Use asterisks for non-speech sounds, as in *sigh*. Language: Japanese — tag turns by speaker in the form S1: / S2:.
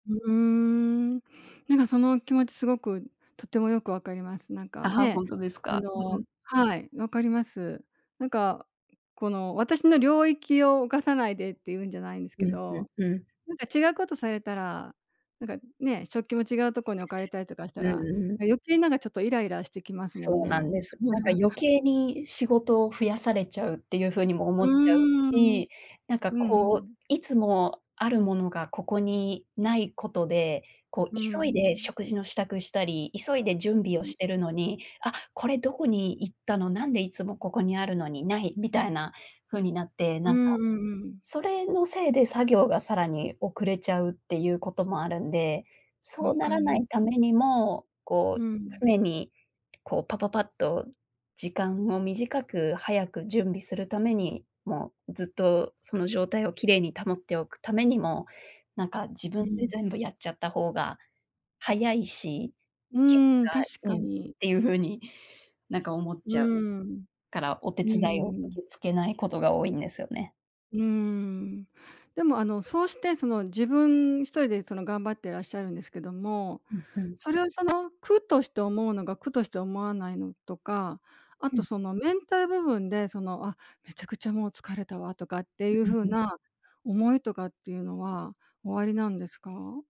S1: うーん。なんか、その気持ち凄くとっても良く分かります。なん
S2: あ、
S1: かね、
S2: 本当です
S1: あ
S2: か？うんう
S1: の、
S2: ん。
S1: はい、分かります。なんか、この私の領域を犯さないでって、言うんじゃないんですけ
S2: うん、うん、
S1: ど、
S2: うん。
S1: なんか違うことされたら、なんかね。食器も違う所に置かれたりとかし
S2: う
S1: た
S2: ん
S1: ら、
S2: うんうん。
S1: 余計になんか、ちょっとイライラしてきますもん
S2: そうな
S1: ね。
S2: んです。なんか余
S1: *chuckles*
S2: 計に、仕事を増やされちゃうって言う風にも思
S1: うー
S2: っちゃう
S1: ん、
S2: し。なんか
S1: うんう
S2: こう、
S1: ん。
S2: いつもあるものが、ここにない事で、こう
S1: う
S2: 急いで
S1: ん。
S2: 食事の支度したり、急いで準備を
S1: *unintelligible*
S2: してるのに、あ、これどこに行ったの、なんで、いつもここにあるのにない、みたいな風になって、
S1: う
S2: なんか、
S1: んうんうん。
S2: それのせいで作業が、更に遅れちゃうって言う事もあるんで、
S1: 分
S2: そうな
S1: かり
S2: らな
S1: ま
S2: い為
S1: す。
S2: にも、こ
S1: う
S2: う
S1: ん。
S2: 常に、こうパパパッと時間を短く早く準備する為に、もうずっと、その状態を綺麗に保っておく為にも、なんか自
S1: う
S2: 分で
S1: ん。
S2: 全部やっちゃった方が早いし、
S1: う
S2: 結
S1: ーん、
S2: 果
S1: 確
S2: 良
S1: か
S2: いっ
S1: に。
S2: て言う風に、なんか思っ
S1: う
S2: ちゃう
S1: ーん、
S2: から、お手
S1: うー
S2: 伝いを
S1: ん。
S2: 受け付けない事が多いんですよね。
S1: うーん。でも、あの、そうして、その自分一人で、その頑張ってらっしゃるんですけども、
S2: うん、うん。
S1: それを、その苦として思うのが、苦として思わないのとか、あ
S2: う
S1: と、
S2: ん。
S1: そのメンタル部分で、その、「あ、めちゃくちゃ、もう疲れたわ」とかって言う
S2: うん
S1: 風
S2: うんうん。
S1: な思いとかって言うのはお有りなんですか？